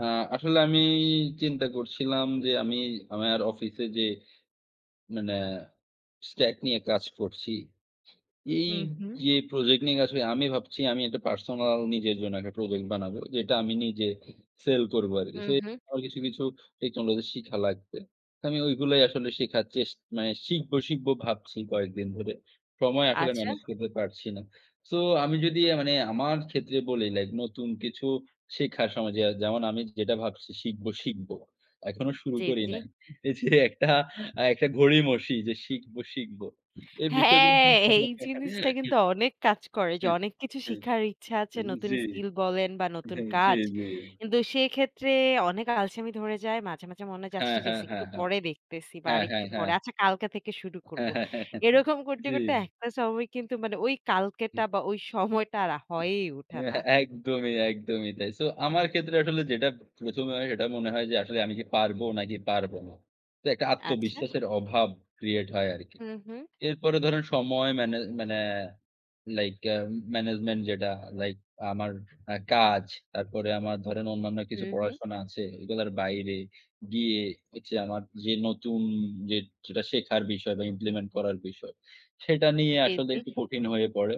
আ আসলে আমি চিন্তা করছিলাম যে, আমি আমার অফিসে যে, মানে stack নিয়ে কাজ করছি। হু, হুম। এইযে প্রজেক্ট নিয়ে কাজ করি আমি ভাবছি আমি একটা পার্সোনাল নিজের জন্য একটা প্রজেক্ট বানাবো। যেটা আমি নিজে সেল করবো আরকি। হু, সো এ হুম। আমার কিছু, কিছু, টেকনোলজি শিখা লাগবে। তো আমি ঐগুলোই আসলে শিখার চেষ মানে শিখবো শিখবো ভাবছি কয়েকদিন ধরে। সময় আসলে আচ্ছা। ম্যানেজ করতে পারছি না। সো আমি যদি মানে আমার ক্ষেত্রে বলি লাইক নতুন কিছু শেখার সময় যে যেমন আমি যেটা ভাবছি শিখব শিখব। এখনো শুরু জি, করি জি। নাই। এইযে একটা আ একটা গড়িমসি যে, শিখব, শিখব। এই বিষয়গুলো হ্যাঁ, এই জিনিসটা কিন্তু অনেক কাজ করে। যে, হ্যাঁ, অনেক কিছু হ্যাঁ, শিখার ইচ্ছা আ আছে। নতুন জ্বি, স্কিল বলেন বা নতুন হ্যাঁ, জ্বী, কাজ। জ্বী। কিন্তু সেক্ষেত্রে অনেক আলসামি ধরে যায়। মাঝে, মাঝে, মনে হয় আচ্ছা হ্যাঁ, ঠিক হ্যাঁ, আছে। হ্যাঁ, একটু হ্যাঁ, পরে দেখতেছি বা হ্যাঁ, হ্যাঁ, আরেকটু হ্যাঁ। পরে। আচ্ছা কালকে থেকে শুরু হ্যাঁ, করবো। হ্যাঁ, হ্যাঁ, এরকম করতে, জি। করতে একটা সময় কিন্তু মানে ওই কালকেটা হুম। বা ওই সময়টা আর হুম। হয়েই এ উঠে না। একদমই, একদমই, তাই। সো আমার ক্ষেত্রে আসলে যেটা ১ম এ হয় সেটা মনে হয় যে, আসলে আমি কি পারবো নাকি পারবো না। তো একটা আচ্ছা। আত্মবিশ্বাসের অভাব create হয় আরকি। হু, হুম। এরপরে ধরেন সময় মানে মানে, লাইক এ্যা management যেটা লাইক আমার আ কাজ। তারপরে আমার ধরেন অন্যান্য কিছু হুম, হুম। পড়াশোনা আছে। এগুলোর বাইরে গিয়ে হচ্ছে ঐযে আমার যে, নতুন যে যেটা শেখার বিষয় বা, implement করার বিষয়, সেটা নিয়ে জি, আসলে জি। একটু কঠিন হয়ে পড়ে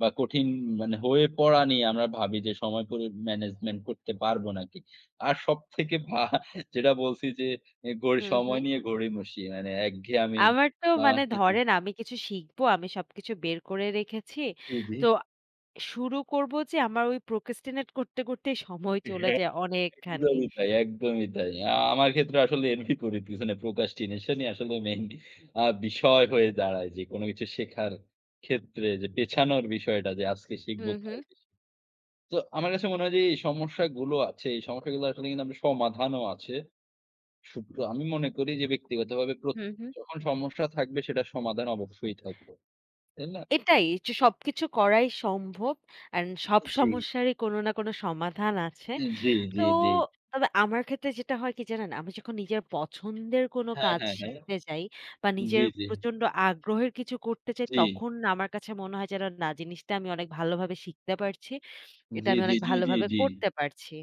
বা, কঠিন মানে হয়ে পড়া নিয়ে আমরা ভাবি যে, সময় করে management করতে পারব নাকি। আর সবথেকে ভা যেটা বলছি যে, এ গই হু, হুম। সময় নিয়ে গড়িমসি মানে একঘেয়েমী আমার তো মানে [unintelligible] ধরেন আমি কিছু শিখব আমি সবকিছু বের করে রেখেছি। জি, জি। তো শুরু করবো যে, আমার ওই procrastinate করতে, করতে সময় চলে হ্যাঁ। যায় অনেকখানি। একদমই তাই একদমই তাই। আ আমার ক্ষেত্রে আসলে [unintelligible] করি পিছনে procrastination আসলে মেইন আ বিষয় হয়ে দাঁড়ায় যে, কোন কিছু শেখার ক্ষেত্রে যে, পেছানোর বিষয়টা, যে, আজকে হু, শিখবো হুম। কালকে শিখ তো আমার কাছে মনে হয় যে, এই সমস্যাগুলো আছে, এই সমস্যাগুলো আসলে কিন্তু আমরা কিন্তু সমাধানও আছে। শুভ্র আমি মনে করি যে, ব্যক্তিগতভাবে প্র হু, হুম। যখন সমস্যা থাকবে সেটা সমাধান অবশ্যই থাকবে। তাই না? এটাই অচ সবকিছু করাই সম্ভব। অ্যান্ড সব জ্বী। সমস্যারই কোন না কোন সমাধান আছে। ই জ্বী, তো জ্বী, জ্বী। তবে আমার ক্ষেত্রে যেটা হয় কি জানেন? আমি যখন নিজের পছন্দের কোন হ্যাঁ, কাজ হ্যাঁ, হ্যাঁ, শিখতে যাই বা নিজের জ্বী, জ্বী। প্রচণ্ড আগ্রহের কিছু করতে চাই, জি। তখন আমার কাছে মনে হয় যেন না জিনিসটা আমি অনেক ভালোভাবে শিখতে পারছি। এটা জ্বী, আমি জ্বী, অনেক জ্বী, জ্বী, ভালোভাবে জ্বী। করতে পারছি।